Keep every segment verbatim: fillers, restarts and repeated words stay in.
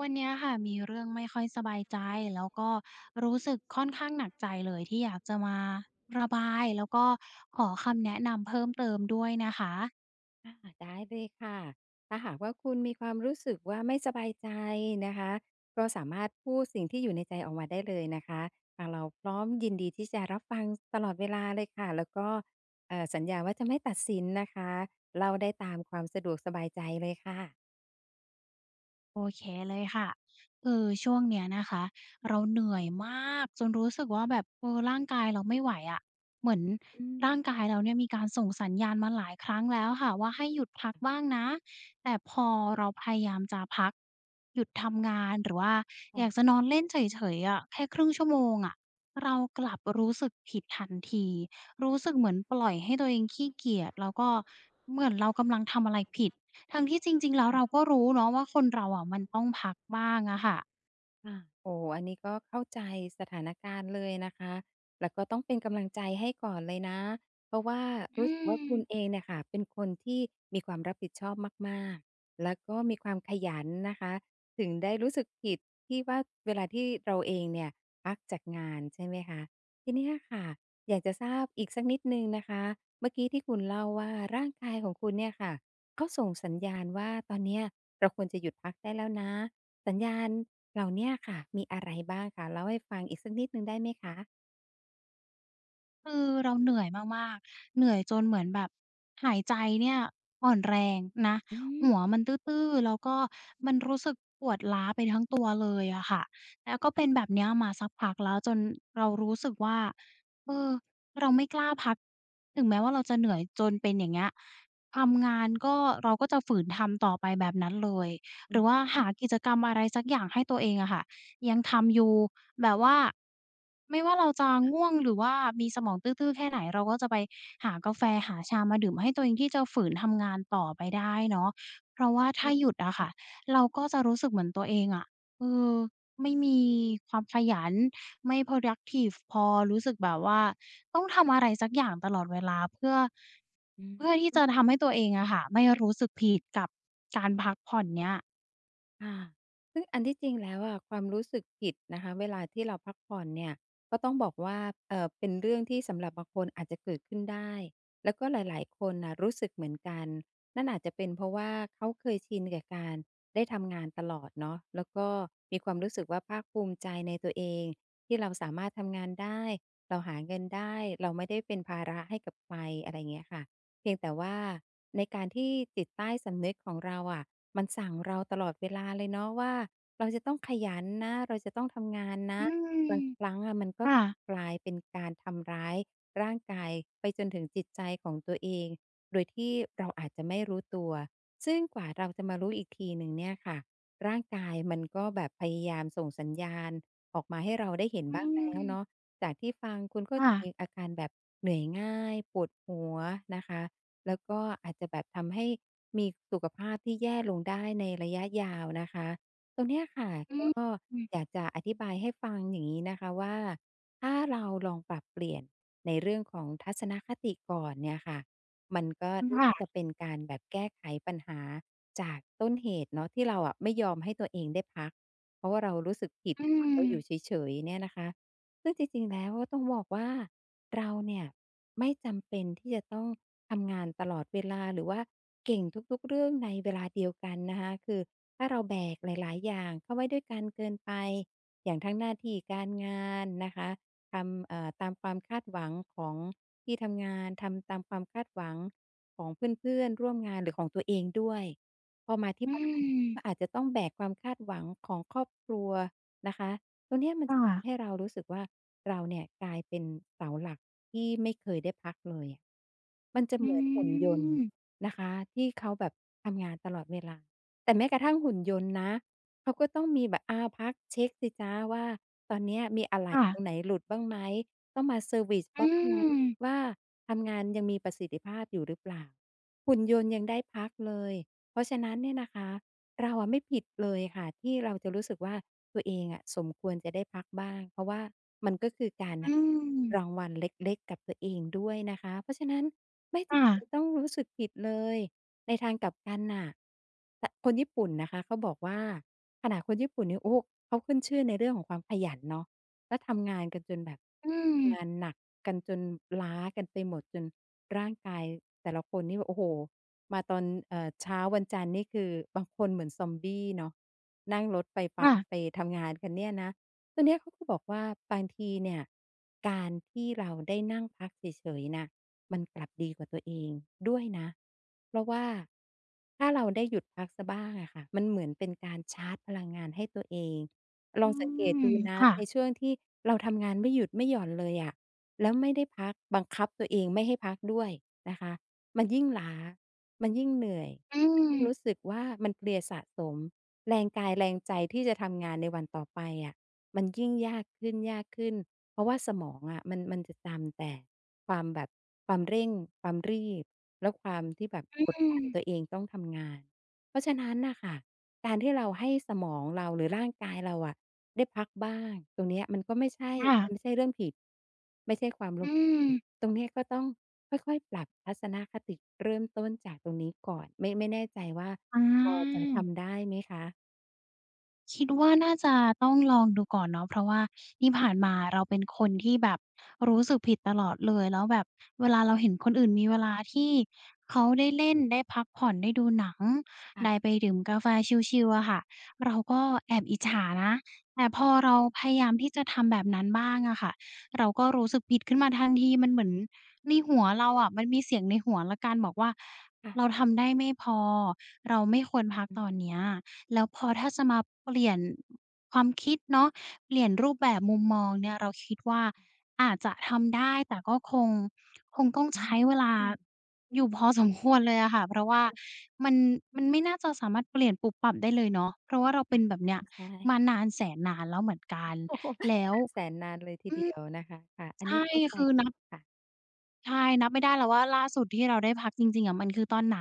วันเนี้ยค่ะ มีเรื่องไม่ค่อยสบายใจ แล้วก็รู้สึกค่อนข้างหนักใจเลย ที่อยากจะมาระบาย แล้วก็ขอคำแนะนำเพิ่มเติมด้วยนะคะ อา อัด ได้เลยค่ะ ถ้าหากว่าคุณมีความรู้สึกว่าไม่สบายใจนะคะ ก็สามารถพูดสิ่งที่อยู่ในใจออกมาได้เลยนะคะ ทางเราพร้อมยินดีที่จะรับฟัง ส ตลอดเวลาเลยค่ะ แล้วก็ เอ่อ สัญญาว่าจะไม่ตัดสินนะคะ เล่าได้ตามความสะดวกสบายใจเลยค่ะ โอเคเลยค่ะ คือช่วงเนี้ยนะคะ เราเหนื่อยมากจนรู้สึกว่าแบบ เอ่อ ร่างกายเราไม่ไหวอะ เหมือนอืม ร่างกายเราเนี่ยมีการส่งสัญญาณมาหลายครั้งแล้วอะค่ะ ว่าให้หยุดพักบ้างนะ แต่พอเราพยายามจะพัก หยุดทำงาน หรือว่าค่อยากะ จะนอนเล่นเฉย ๆ อะ แค่ ครึ่ง ชั่วโมงอะ เรากลับรู้สึกผิดทันที รู้สคึกเหมือนปล่อยให้ตัวเองขี้เกียจ แล้วก็เหมือนเรากำลังทำอะไรผิด ทั้งที่จริง ๆ แล้ว ่เราก็รู้เนาะว่าคนเราอะมันะ ต้องพักบ้างอะค่ะ ค่ะ โอ้ อันนี้ก็เข้าใจสถานการณ์เลยนะคะ แล้วก็ต้องเป็นกำลังใจให้ก่อนเลยนะ เพราะว่าอรูื้สึกว่าคุณม เองเนี่ยค่ะ เป็นคนที่มีความรับผิดชอบมาก ๆ แล้วก็มีความขยันนะคะ ถึงได้รู้สึกผิดที่ว่า เวลาที่เราเองเนี่ยพักจากงาน ใช่ไหมคะ ทีเนี้ยค่ะ อยากจะทราบอีกสักนิดหนึ่งนะคะ เมื่อกี้ที่คุณเล่าว่า ร่างกายของคุณเนี่ยค่ะ เขาส่งสัญญาณว่า ตอนเนี้ยเราควรจะหยุดพักได้แล้วนะ สัญญาณเหล่าเนี้ยค่ะ มีอะไรบ้างคะ เล่าให้ฟังอีกสักนิดหนึ่งได้ไหมคะ? คือเราเหนื่อยมาก ๆ เหนื่อยจนเหมือนแบบ หายใจเนี่ยอ่อนแรงนะ อืม หัวมันตื้อ ๆ แล้วก็มันรู้สึกปวดล้าไปทั้งตัว เลยอะค่ะ แล้วก็เป็นแบบเนี้ยมาสักพักแล้ว จนเรารู้สึกว่า เอ่อ เราไม่กล้าพักถึงแม้ว่า เราจะเหนื่อยจนเป็น อย่างเงี้ย ทำงานก็ เราก็จะฝืนทำต่อไปแบบนั้นเลย อหืรืออว่าหฮึ ากิจกรรม อะไรสักอย่างให้ตัวเองอะค่ะ ยังทำอยู่แบบว่า ไม่ว่าเราจะง่วงหรือว่ามีสมองตื้อ ๆ แค่ไหนเราก็จะไปหากาแฟ หาชามาดื่มให้ตัวเองที่จะฝืนทำงานต่อไปได้เนาะ เพราะว่าถ้าหยุดอะค่ะ เราก็จะรู้สึกเหมือนตัวเองอะ เอ่อ ไม่มีความขยัน ไม่ Productive พอ รู้สึกแบบว่าต้องทำอะไรสักอย่างตลอดเวลาเพื่อ อือเพื่อที่ฮจึ ะทำให้ตัวเองอะค่ะ ไม่รู้สึกผิดกับการพักผ่อนเนี่ย ค่ะ ซึ่งอันที่จริงแล้วอะ ความรู้สึกผิดนะคะ เวลาที่เราพักผ่อนเนี่ย ก็ต้องบอกว่า เอ่อ เป็นเรื่องที่สำหรับบางคนอาจจะเกิดขึ้นได้ แล้วก็หลาย ๆ คนน่ะรู้สึกเหมือนกัน นั่นอาจจะเป็น เพราะว่าเขาเคยชินกับการได้ทำงานตลอดเนาะ แล้วก็มีความรู้สึกว่า ภาคภูมิใจในตัวเองที่เราสามารถทำงานได้ เราหาเงินได้ เราไม่ได้เป็นภาระให้กับใคร อะไรเงี้ยค่ะ เพียงแต่ว่าในการที่จิตใต้สำนึกของเราอะ มันสั่งเราตลอดเวลาเลยเนาะว่า เราจะต้องขยันนะ เราจะต้องทำงานนอะ ืม บางครั้งอะ มันก็ค่ะ กลายเป็นการทำร้ายร่างกายไปจนถึงจิตใจของตัวเองโดยที่เราอาจจะไม่รู้ตัว ซึ่งกว่าเราจะมารู้อีกทีหนึ่งเนี่ยค่ะ ร่างกายมันก็แบบพยายามส่งสัญญาณออกมาให้เราได้เห็นอืบ้างแล้วเนม าะ จากที่ฟังคุณก็ค่จะะ มีอาการแบบเหนื่อยง่าย ปวดหัวนะคะ แล้วก็อาจจะแบบทำให้มีสุขภาพที่แย่ลงได้ในระยะยาวนะคะ ตรงเนี้ยค่ะ อืก็ม อยากจะอธิบายให้ฟังอย่างงี้นะคะว่า ถ้าเราลองปรับเปลี่ยนในเรื่องของทัศนคติก่อนเนี่ยค่ะ มันก็อือ นค่า่ะ จะเป็นการแบบแก้ไขปัญหาจากต้นเหตุเนาะ ที่เราอะไม่ยอมให้ตัวเองได้พัก เพราะว่าเรารู้สึกผิดอืน่ะค่ะ เราอยู่ม เฉย ๆ เนี่ยนะคะ ซึ่งจริง ๆ แล้วก็ต้องบอกว่า เราเนี่ยไม่จำเป็นที่จะต้องทำงานตลอดเวลา หรือว่าเก่งทุก ๆ เรื่องในเวลาเดียวกันนะคะ คือถ้าเราแบกหลาย ๆ อย่างเข้าไว้ด้วยกันเกินไป อย่างทั้งหน้าที่การงานนะคะ ทำ เอ่อ ตามความคาดหวังของที่ทำงาน ทำตามความคาดหวังของเพื่อน ๆ ร่วมงาน หรือของตัวเองด้วย พอมาทีอ่ืบ้าน กม ็อาจจะต้องแบกความคาดหวังของครอบครัวนะคะ ตรงเนี้ย มัคนจ่ะทะ ำให้เรารู้สึกว่า เราเนี่ยกลายเป็นเสาหลักที่ไม่เคยได้พักเลยอะ มันจะอืเหมือนหุ่นยนต์อ นะคะที่เขาแบบทำงานตลอดเวลา แต่แม้กระทั่งหุ่นยนต์นะ เขาก็ต้องมีแบบ อ้าว พักเช็กสิจ๊ะว่า ตอนนี้มีอะไหลค่่ะ ตรงไหนหลุดบ้างไหม? ต้องมาเซอร์วิซอืบ้างนะอ ว่า ทำงานยังมีประสิทธิภาพอยู่หรือเปล่า? หุ่นยนต์ยังได้พักเลย เพราะฉะนั้นเนี่ยนะคะ เราอะไม่ผิดเลยค่ะที่เราจะรู้สึกว่า ตัวเองอะสมควรจะได้พักบ้าง เพราะว่ามันก็คือการใหอื้อ รางวัลเล็ก ๆ กับตัวเองด้วยนะคะ เพราะฉะนั้นไม่คจ่ำเป็ะ นต้องรู้สึกผิดเลย ในทางกลับกันน่ะ ตะ คนญี่ปุ่นนะคะเขาบอกว่า ขนาดคนญี่ปุ่นนี่ โอ้ เขาขึ้นชื่อในเรื่องของความขยันเนาะ แล้วทำงานกันจนแบบ อืม งานหนักกันจนล้ากันไปหมด จนร่างกายแต่ละคนนี่แบบ โอ้โฮ มาตอน เอ่อ เช้าวันจันทร์ นี่คือ บางคนเหมือนซอมบี้เนาะ นั่งรถไฟฟค้า่ะ ไปทำงานกันเนี่ยนะ ตอนเนี้ยเขาก็บอกว่า บางทีเนี่ยการที่เราได้นั่งพักเฉย ๆ น่ะ มันกลับดีกับตัวเองด้วยนะ เพราะว่า ถ้าเราได้หยุดพักซะบ้างอะค่ะ มันเหมือนเป็นการชาร์จพลังงานให้ตัวเอง ลอืองสังเกตดม ูนะค่ในะ ช่วงที่เราทำงานไม่หยุดไม่หย่อนเลยอะ แล้วไม่ได้พัก บังคับตัวเองไม่ให้พักด้วยนะคะ มันยิ่งล้า มันยิ่งเหนื่อย อืยิ่งรอ ู้สึกว่า มันเพลียสะสม แรงกายแรงใจที่จะทำงานในวันต่อไปอะมันยิ่งยากขึ้น ยากขึ้น เพราะว่าสมองอะมัน มันจะจำแต่ความแบบ ความเร่ง ความรีบ แล้วความที่แบบอกดืดันอ ตัวเองต้องทำงาน เพราะฉะนั้นน่ะค่ะ การที่เราให้สมองเรา หรือร่างกายเราอะได้พักบ้าง ตรงเนี้ยมันก็ไม่ใช่ ค่ะ มันไม่ใช่เรื่องผิด ไม่ใช่ความลอื้มเหลว อ ตรงเนี้ยก็ต้องค่อย ๆ ปรับทัศนคติเริ่มต้นจากตรงนี้ก่อน ไม่ ไม่แน่ใจว่าอ๋พอจะทอ ำได้ไหมคะ? คิดว่า น่าจะต้องลองดูก่อนเนาะ เพราะว่าที่ผ่านมาเราเป็นคนที่แบบรู้สึกผิดตลอดเลย แล้วแบบเวลาเราเห็นคนอื่นมีเวลาที่เขาได้เล่น ได้พักผ่อน ได้ดูหนัง ค่ไดะ ้ไปดื่มกาแฟชิล ๆ อะค่ะ เราก็แอบอิจฉานะ แต่อพืออฮเราึ พยายามที่จะทำแบบนั้นบ้างอะค่ะ เราก็รู้สึกผิดขึ้นมาทันที มันเหมือนในหัวเราอะ มันมีเสียงในหัวแล้วกัน บอกว่าค่ะ เราทำได้ไม่พอ เราไม่ควรพักอตือ อนเนี้ย แล้วพอถ้าจะมาเปลี่ยนความคิดเนาะ เปลี่ยนรูปแบบมุมมองเนี่ย เราคิดว่าอาจจะทำได้ แต่ก็คง คงต้องอใช้เวลาืม อยู่พอสมควรเลยอะค่ะ เพราะวค่า่ะ มัน มันไม่น่าจะสามารถเปลี่ยนปุ๊บปั๊บได้เลยเนาะ เพราะว่าเราเปอ็ะ นแบบเนี้ยอ ใชม่ านานแสนนานแล้วเหมือนกัน โอ้ แล้ว นานแสนนานเลยทีอืเดีอ ยวนะคะ ค่ะ อัในชนี้่ เข้าใจคือเลนัยบ ค่ะ ใช่ นับไม่ได้แล้วว่าล่าสุดที่เราได้พักจริง ๆ อะ มันคือตอนไหน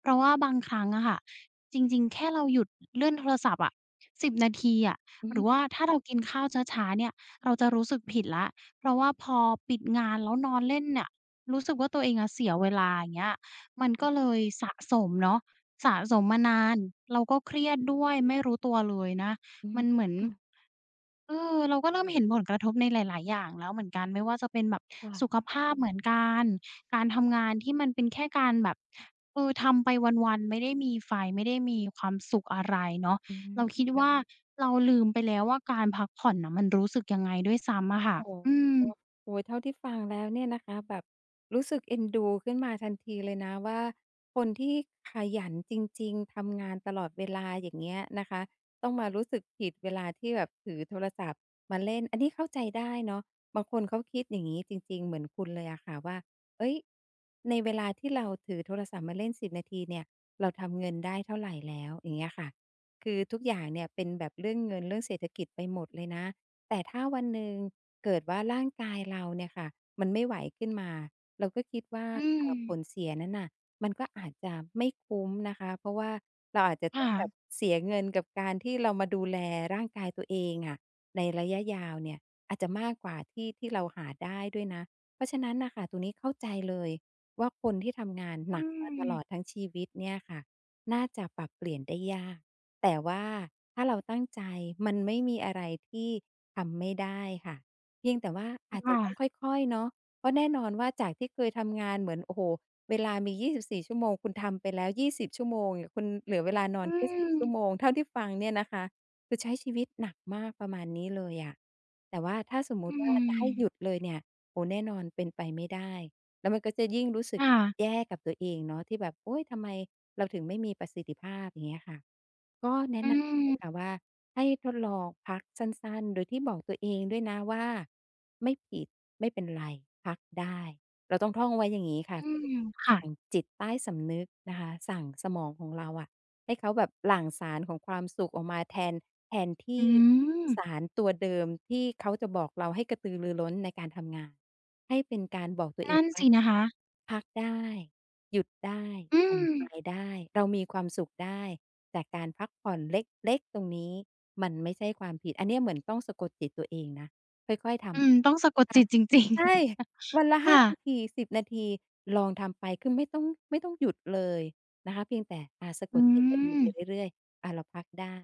เพราะว่าบางครั้งอะค่ะ จริง ๆ แค่เราหยุดเลื่อนโทรศัพท์อะ สิบ นาทีอะ อืหรือว่ม าถ้าเรากินข้าวช้า ๆ เนี่ย เราจะรู้สึกผิดแล้ว เพราะว่าพอปิดงาน แล้วนอนเล่นเนี่ย รู้สึกว่าตัวเองอะเสียเวลา อย่างเงี้ย มันค่กะ ็เลยสะสมเนาะ สะสมมานาน เราก็เครียดด้วย ไม่รู้ตัวเลยนะ อืมม ันเหมือน ค่ะ เออ เราก็เริ่มเห็นผลกระทบในหลาย ๆ อย่างแล้วเหมือนกัน ไม่ว่าจะเป็นแบบ ค่สะ ุขภาพเหมือนกัน การทำงานที่มันเป็นแค่การแบบ เออ ทำไปวัน ๆ ไม่ได้มีไฟ ไม่ได้มีความสุขอะไรเนาะ อืเม ราคิดคว่ะ ่า เราลืมไปแล้วว่าการพักผ่อนน่ะมันรู้สึกยังไงด้วยซ้ำอะค่ะ โอ้โฮ อืม โอ้โฮ เท่าที่ฟังแล้วเนี่ยนะคะ แบบรู้สึกเอ็นดูขึ้นมาทันทีเลยนะว่า คนที่ขยันจริง ๆ ทำงานตลอดเวลา อย่างเงี้ยนะคะ ต้องมารู้สึกผิดเวลาที่แบบถือโทรศัพท์มาเล่น อันนี้เข้าใจได้เนาะ บางคนเขาคิดอย่างนี้จริง ๆ เหมือนคุณเลยอะค่ะ ว่า เฮ้ย ในเวลาที่เราถือโทรศัพท์มาเล่น สิบ นาทีเนี่ย เราทำเงินได้เท่าไรแล้ว อย่างเงี้ยค่ะ คือทุกอย่างเนี่ยเป็นแบบเรื่องเงิน เรื่องเศรษฐกิจไปหมดเลยนะ แต่ถ้าวันหนึ่ง เกิดว่าร่างกายเราเนี่ยค่ะ มันไม่ไหวขึ้นมา เราก็คิดว่า อืเออ ผม ลเสียนั้นน่ะ มันก็อาจจะไม่คุ้มนะคะ เพราะว่าเราอาจจะคต่้องแบะ บเสียเงินกับการที่เรามาดูแลร่างกายตัวเองอะในระยะยาวเนี่ย อาจจะมากกว่าที่ ที่เราหาได้ด้วยนะ เพราะฉะนั้นน่ะค่ะ ตรงนี้เข้าใจเลย ว่าคนที่ทำงานอืหนักมาตลม อดทั้งชีวิตเนี่ยค่ะ น่าจะปรับเปลี่ยนได้ยาก แต่ว่าถ้าเราตั้งใจ มันไม่มีอะไรที่ทำไม่ได้ค่ะ เพียงแต่ว่าอาจคจ่ะต้องะ ค่อย ๆ เนาะ เพราะแน่นอนว่า จากที่เคยทำงานเหมือน โอ้โฮ เวลามี ยี่สิบสี่ ชั่วโมง คุณทำไปแล้ว ยี่สิบ ชั่วโมง คุณเหลือเวลานออืนแค่ สี่ ชั่วม โมง เท่าที่ฟังเนี่ยนะคะ คือใช้ชีวิตหนักมาก ประมาณนี้เลยอะ แต่ว่าถ้าสมมอตืิว่า จะให้หยม ุดเลยเนี่ย โอ้ แน่นอน เป็นไปไม่ได้ แล้วมันก็จะยิ่งรู้สึคก่ะ แย่กับตัวเองเนาะ ที่แบบ โอ๊ย ทำไมเราถึงไม่มีประสิทธิภาพ อย่างเงี้ยค่ะ ก็แนอะืนำอย่างงี้ม ค่ะว่า ให้ทดลองพักสั้น ๆ โดยที่บอกตัวเองด้วยนะว่า ไม่ผิด ไม่เป็นไร พักได้ เราต้องท่องไว้อย่างนี้ค่ะ อืคือม คส่ั่ะ งจิตใต้สำนึกนะคะ สั่งสมองของเราอะ ให้เขาแบบหลั่งสารของความสุขออกมาแทน แทนทอีื่ม สารตัวเดิมที่เขาจะบอกเราให้กระตือรือร้นในการทำงาน ให้เป็นการบอกตัวนเอัง่นว่สา ินะคะ พักได้ หยุดได้ อืผ่อนคลม ายได้ เรามีความสุขได้ แต่การพักผ่อนเล็ก ๆ ตรงนี้ มันไม่ใช่ความผิด อันนี้เหมือนต้องสะกดจิตตัวเองนะ ค่อย ๆ ทอืม ต้องสะกดำ คจ่ิะ ตจริง ๆ ใช่ วันละ หค้่า นะ าที สิบ นาที ลองทำไป คือไม่ต้อง ไม่ต้องหยุดเลยนะคะ เพียงแต่ อ่า สะอกืดจิตตัวเองไปม เรื่อย ๆ อะ เราพักได้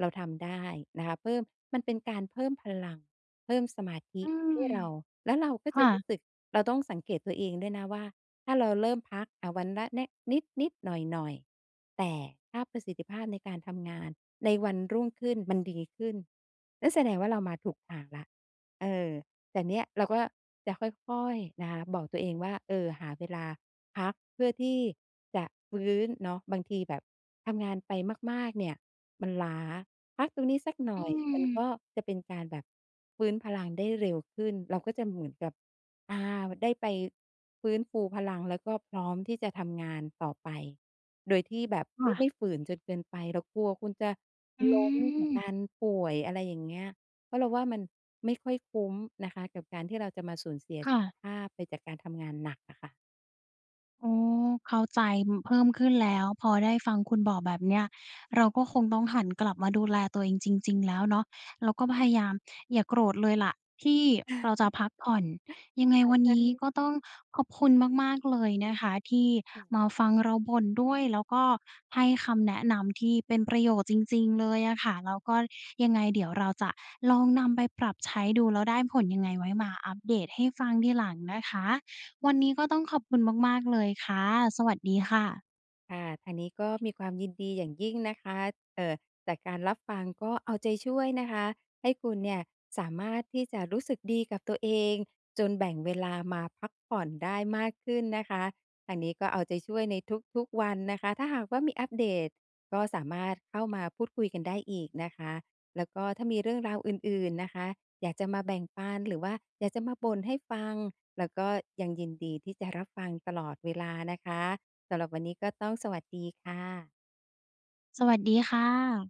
เราทำได้นะคะ เพิ่ม มันเป็นการเพิ่มพลัง เพิ่มสมาธิอืให้ม เรา แล้วเราก็คจะ่รู้ะ สึก เราต้องสังเกตตัวเองด้วยนะว่า ถ้าเราเริ่มพัก อา วันละ เนะ นิด ๆ หน่อย ๆ แต่ถ้าประสิทธิภาพในการทำงานในวันรุ่งขึ้น มันดีขึ้น และแสดงว่าเรามาถูกทางแล้ว เออ แต่เนี่ยเราก็จะค่อย ๆ นะคะบอกตัวเองว่า เออ หาเวลาพัก เพื่อที่จะฟื้นเนาะ บางทีแบบทำงานไปมาก ๆ เนี่ย มันล้า พักตรงนี้สักหนอ่ือย มันม ก็จะเป็นการแบบฟื้นพลังได้เร็วขึ้น เราก็จะเหมือนกับ อา ได้ไปฟื้นฟูพลัง แล้วก็พร้อมที่จะทำงานต่อไป โดยที่แบบคไม่่ ไะ ม่ฝืนจนเกินไป เรากลัวคุณจะอืล้มจากกม ารป่วย อะไรอย่างเงี้ย เพราะเราว่ามันไม่ค่อยคุ้มนะคะ กับการที่เราจะมาสูญเสียคสุ่ขะ ภาพไป จากการทำงานหนักอะค่ะ อ๋อ เข้าใจ เพิ่มขึ้นแล้ว พอได้ฟังคุณบอกแบบนี้ เราก็คงต้องหันกลับมาดูแลตัวเองจริง ๆ แล้วเนาะ แล้วก็พยายามอย่าโกรธเลยแหละ ที่เราจะพักผ่อน ยังไงค่ะ วันใชนี้ ่ ก็ต้องขอบคุณมาก ๆ เลยนะคะ ที่อืม มาฟังเราบ่นด้วย แล้วก็ให้คำแนะนำที่เป็นประโยชน์จริง ๆ เลยอะคะ แล้วก็ยังไงเดี๋ยวเราจะลองนำไปปรับใช้ดู แล้วได้ผลยังไง ไว้มาอัปเดตให้ฟังทีหลังนะคะ วันนี้ก็ต้องขอบคุณมาก ๆ เลยค่ะ สวัสดีค่ะ คะ ทางนี้ ก็มีความยินดีอย่างยิ่งนะคะ เอ่อ จากการรับฟัง ก็เอาใจช่วยนะคะ ให้คุณเนี่ยสามารถที่จะรู้สึกดีกับตัวเองจนแบ่งเวลามาพักผ่อนได้มากขึ้นนะคะ ทางนี้ ก็เอาใจช่วยในทุก ๆ วันนะคะ ถ้าหากว่ามีอัปเดต ก็สามารถเข้ามาพูดคุยกันได้อีกนะคะ แล้วก็ถ้ามีเรื่องราวอื่น ๆ นะคะ อยากจะมาแบ่งปัน หรือว่าอยากจะมาบ่นให้ฟัง แล้วก็ยังยินดีที่จะรับฟังตลอดเวลานะคะ สำหรับวันนี้ ก็ต้องสวัสดีค่ะ สวัสดีค่ะ